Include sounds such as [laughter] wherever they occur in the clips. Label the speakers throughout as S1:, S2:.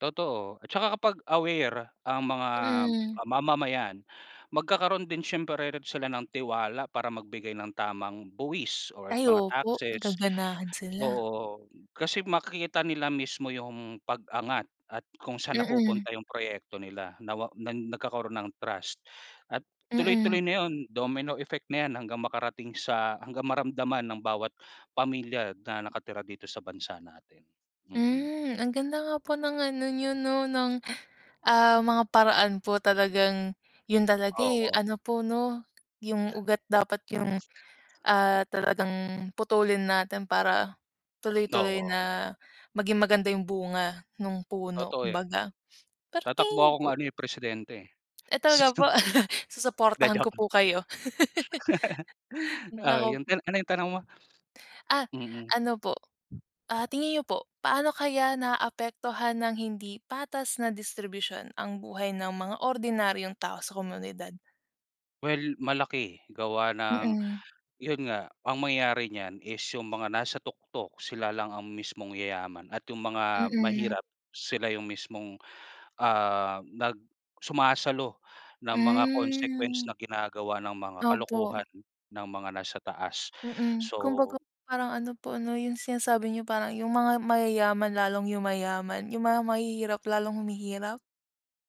S1: Totoo at tsaka kapag aware ang mga,
S2: Hmm.
S1: ah, mamamayan magkakaroon din siyempre rin sila ng tiwala para magbigay ng tamang buwis or
S2: Ay
S1: mga
S2: opo,
S1: taxes.
S2: gaganahan sila.
S1: Oo, kasi makikita nila mismo yung pag-angat at kung saan
S2: Mm.
S1: napupunta yung proyekto nila na wa na nagkakaroon ng trust. At
S2: Mm.
S1: tuloy-tuloy na yon, domino effect na yan, hanggang makarating sa hanggang maramdaman ng bawat pamilya na nakatira dito sa bansa natin. Mm.
S2: Hmm, ang ganda nga po ng ano nyo 'no, ng, ah, mga paraan po. Talagang yon talaga, eh,
S1: Oo.
S2: ano po 'no, yung ugat dapat yung,
S1: [unintelligible]
S2: ah, talagang putulin natin para tuloy-tuloy
S1: Oo.
S2: na maging maganda yung bunga nung puno,
S1: Totoo yan.
S2: kumbaga. [sniffs] Pero
S1: Tatakbo
S2: tingin
S1: akong ano, eh, presidente, eh.
S2: Eh, talaga po?
S1: Sinong
S2: [chuckles]
S1: 'Di
S2: Susuportahan ko
S1: joke lang.
S2: po kayo.
S1: [chuckles]
S2: [chuckles]
S1: Okey,
S2: Naku
S1: yon tina ano yung tanong mo? [sniffs]
S2: Ah,
S1: Mm.
S2: ano po, ah, tingin nyo po, paano kaya naaapektuhan ng hindi patas na distribusyon ang buhay ng mga ordinaryong tao sa komunidad?
S1: Well, malaki, gawa ng
S2: Mm.
S1: yon nga, ang mangyayari niyan is yung mga nasa tuktok sila lang ang mismong yayaman at yung mga
S2: Mm.
S1: mahirap sila yung mismong, ah, nag sumasalo ng mga consequence
S2: Hmm.
S1: na ginagawa ng mga
S2: Opo.
S1: kalokohan ng mga nasa taas
S2: Mm,
S1: so
S2: kumbaga parang ano po 'no, yung sinasabi nyo, parang yung mga mayayaman lalong yumayaman, yung mga mahihirap lalong humihirap?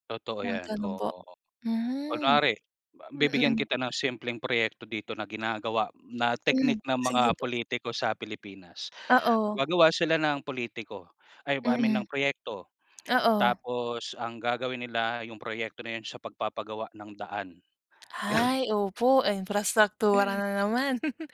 S1: Totoo
S2: Mga
S1: 'yan,
S2: gano'n po?
S1: oo.
S2: Hmm.
S1: Kunwari ba bibigyan
S2: Mm.
S1: kita ng simpleng proyekto dito na ginagawa, na
S2: Hmm,
S1: teknik ng
S2: sige
S1: mga
S2: po.
S1: pulitiko sa Pilipinas.
S2: Oo.
S1: Gagawa sila ng pulitiko, ay ba I mean
S2: Mm.
S1: ng proyekto,
S2: Oo.
S1: tapos ang gagawin nila yung proyekto na 'yon, sa pagpapagawa ng daan. [sighs]
S2: Ay, opo imprastraktura
S1: [chuckles]
S2: na naman! [chuckles]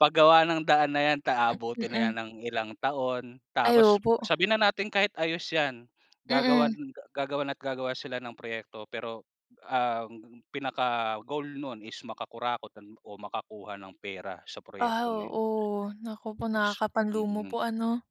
S1: Paggawa ng daan na yan,
S2: [hiccups]
S1: aabutin na
S2: Mm.
S1: yan ng ilang taon.
S2: Ay,
S1: Tapos,
S2: opo.
S1: sabihin na natin kahit ayos yan, gagawan
S2: Mm.
S1: gagawan at gagawa sila ng proyekto pero ang pinaka-goal no'n is makakurakot do'n o makakuha ng pera sa
S2: Ah,
S1: proyekto na yon.
S2: oo. Naku po,
S1: Pos
S2: nakakapanlumo
S1: tignan.
S2: po, ano?